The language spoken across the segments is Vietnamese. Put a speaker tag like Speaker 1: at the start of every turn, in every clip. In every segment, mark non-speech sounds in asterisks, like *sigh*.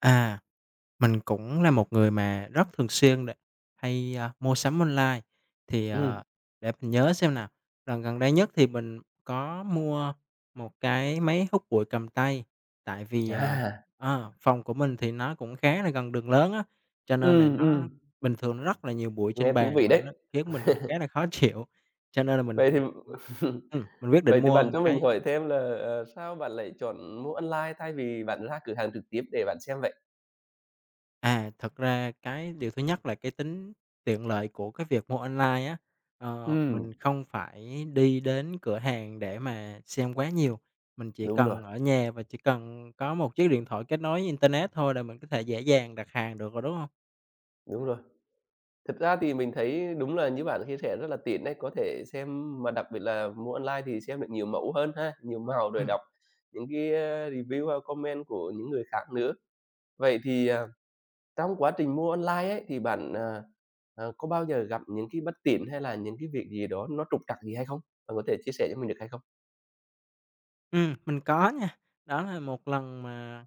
Speaker 1: À! Mình cũng là một người mà rất thường xuyên để hay, a, mua sắm online. Thì, ờ,
Speaker 2: Ừm.
Speaker 1: để mình nhớ xem nào, lần gần đây nhất thì mình có mua 1 cái máy hút bụi cầm tay, tại vì, ờ
Speaker 2: Chà!
Speaker 1: à, phòng của mình thì nó cũng khá là gần đường lớn á, cho nên là
Speaker 2: Ừm,
Speaker 1: nó
Speaker 2: ừm.
Speaker 1: bình thường nó rất là nhiều bụi trên
Speaker 2: Nghe thú
Speaker 1: bàn
Speaker 2: vị
Speaker 1: và
Speaker 2: đấy.
Speaker 1: nó khiến mình khá
Speaker 2: *chuckles*
Speaker 1: là khó chịu. Cho nên là mình,
Speaker 2: Vậy thì
Speaker 1: ừm,
Speaker 2: *chuckles*
Speaker 1: ừm, mình quyết định
Speaker 2: vậy thì
Speaker 1: mua
Speaker 2: bạn
Speaker 1: 1
Speaker 2: cho mình
Speaker 1: cái.
Speaker 2: hỏi thêm là, ờ, sao bạn lại chọn mua online thay vì bạn ra cửa hàng trực tiếp để bạn xem vậy?
Speaker 1: À, thực ra cái điều thứ nhất là cái tính tiện lợi của cái việc mua online á. Ờ, mình
Speaker 2: Ừm.
Speaker 1: không phải đi đến cửa hàng để mà xem quá nhiều, mình chỉ
Speaker 2: Đúng rồi.
Speaker 1: cần ở nhà và chỉ cần có một chiếc điện thoại kết nối internet thôi là mình có thể dễ dàng đặt hàng được rồi, đúng hông?
Speaker 2: Đúng rồi. Thực ra thì mình thấy đúng là như bạn chia sẻ, rất là tiện đấy, có thể xem mà đặc biệt là mua online thì xem được nhiều mẫu hơn ha, nhiều màu, rồi
Speaker 1: Ừm.
Speaker 2: đọc những cái review ha, comment của những người khác nữa. Vậy thì, à, trong quá trình mua online ấy, thì bạn, à, à, có bao giờ gặp những cái bất tiện hay là những cái việc gì đó nó trục trặc gì hay không? Bạn có thể chia sẻ cho mình được hay không?
Speaker 1: Ừm, mình có nha. Đó là một lần mà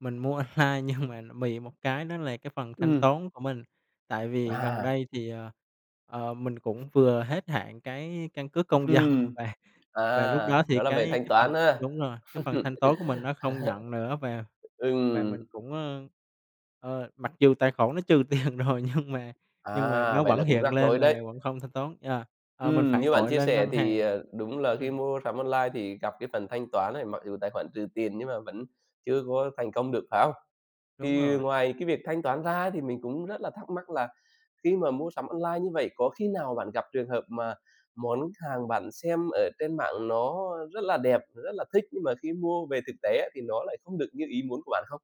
Speaker 1: mình mua online nhưng mà nó bị một cái, đó là cái phần thanh
Speaker 2: Ừm.
Speaker 1: toán của mình. Tại vì gần
Speaker 2: À!
Speaker 1: đây thì, ờ, ờ, mình cũng vừa hết hạn cái căn cước công dân
Speaker 2: Ừm.
Speaker 1: và
Speaker 2: À!
Speaker 1: và lúc đó thì
Speaker 2: Đó là về
Speaker 1: cái
Speaker 2: thanh
Speaker 1: cái phần
Speaker 2: toán ha. *laughs*
Speaker 1: đúng rồi, cái phần thanh toán của mình nó không nhận nữa. Và và
Speaker 2: Ừm.
Speaker 1: mình cũng, ơ, ơ, mặc dù tài khoản nó trừ tiền rồi nhưng mà nhưng mà
Speaker 2: À!
Speaker 1: nó
Speaker 2: Vậy
Speaker 1: vẫn
Speaker 2: là cũng
Speaker 1: hiện
Speaker 2: rắc rối
Speaker 1: lên là
Speaker 2: đấy.
Speaker 1: vẫn không thanh toán, yeah. À, mình
Speaker 2: Ừm,
Speaker 1: phải
Speaker 2: như bạn
Speaker 1: gọi
Speaker 2: chia
Speaker 1: lên
Speaker 2: sẻ
Speaker 1: ngân
Speaker 2: thì,
Speaker 1: hàng.
Speaker 2: à, đúng là
Speaker 1: Ừm.
Speaker 2: khi mua sắm online thì gặp cái phần thanh toán ấy, mặc dù tài khoản trừ tiền nhưng mà vẫn chưa có thành công được, phải không?
Speaker 1: Đúng
Speaker 2: Thì
Speaker 1: rồi.
Speaker 2: ngoài cái việc thanh toán ra ấy, thì mình cũng rất là thắc mắc là khi mà mua sắm online như vậy, có khi nào bạn gặp trường hợp mà món hàng bạn xem ở trên mạng nó rất là đẹp, nó rất là thích, nhưng mà khi mua về thực tế á, thì nó lại không được như ý muốn của bạn không?